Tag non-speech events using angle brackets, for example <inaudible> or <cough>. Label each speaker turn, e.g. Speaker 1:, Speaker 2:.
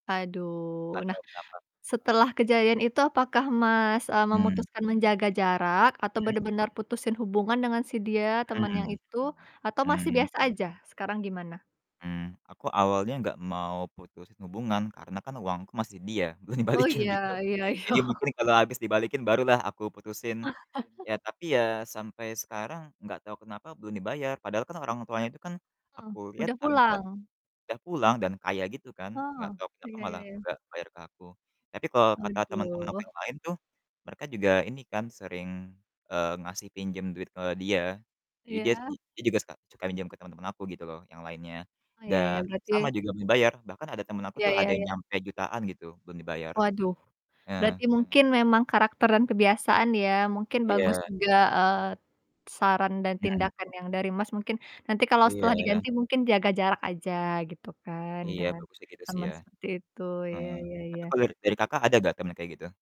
Speaker 1: Aduh, nah,
Speaker 2: Atau berapa?
Speaker 1: setelah kejadian itu apakah, Mas, eee,
Speaker 2: Mmm.
Speaker 1: memutuskan menjaga jarak? Atau
Speaker 2: Mmm.
Speaker 1: benar-benar putusin hubungan dengan si dia, teman yang
Speaker 2: Hmm.
Speaker 1: itu? Atau masih
Speaker 2: Hmm.
Speaker 1: biasa aja, sekarang gimana?
Speaker 2: Hmm, aku awalnya gak mau putusin hubungan, karena kan uangku masih dia, belum
Speaker 1: Oh,
Speaker 2: dibalikin
Speaker 1: iya
Speaker 2: gitu.
Speaker 1: iya iya.
Speaker 2: Jadi mungkin kalo abis dibalikin barulah aku putusin.
Speaker 1: <chuckles>
Speaker 2: Ya, tapi ya sampai sekarang gak tau kenapa belum dibayar, padahal kan orang tuanya itu kan
Speaker 1: Eh,
Speaker 2: aku liat
Speaker 1: udah
Speaker 2: agak
Speaker 1: pulang?
Speaker 2: udah pulang dan kaya gitu kan. Enggak
Speaker 1: Oh,
Speaker 2: tau kenapa
Speaker 1: iya iya
Speaker 2: malah
Speaker 1: iya.
Speaker 2: gak bayar ke aku. Tapi kalo kata temen-temen aku
Speaker 1: Aduh.
Speaker 2: yang lain tuh mereka juga ini kan sering, eee, ngasih pinjem duit ke dia. Jadi dia
Speaker 1: Iya.
Speaker 2: i dia juga suka suka minjam ke temen-temen aku gitu loh, yang lainnya.
Speaker 1: Oh, ya ya,
Speaker 2: Dan sama,
Speaker 1: berarti
Speaker 2: juga belum dibayar, bahkan ada temen aku
Speaker 1: Iya
Speaker 2: tuh, ada
Speaker 1: iya
Speaker 2: yang
Speaker 1: iya.
Speaker 2: nyampe jutaan gitu, belum dibayar.
Speaker 1: Waduh, berarti
Speaker 2: Eee.
Speaker 1: mungkin memang karakter dan kebiasaan ya, mungkin bagus
Speaker 2: Iya.
Speaker 1: juga, eee, saran dan
Speaker 2: Mhm.
Speaker 1: tindakan yang dari Mas mungkin nanti kalau setelah
Speaker 2: Iya.
Speaker 1: diganti mungkin jaga jarak aja, gitu kan,
Speaker 2: Iya,
Speaker 1: dengan
Speaker 2: bagusnya gitu sih
Speaker 1: teman
Speaker 2: ya.
Speaker 1: seperti itu, iya
Speaker 2: Heeh,
Speaker 1: iya iya,
Speaker 2: tapi kalau dari dari
Speaker 1: oke
Speaker 2: Kakak ada gak temen yang kayak gitu?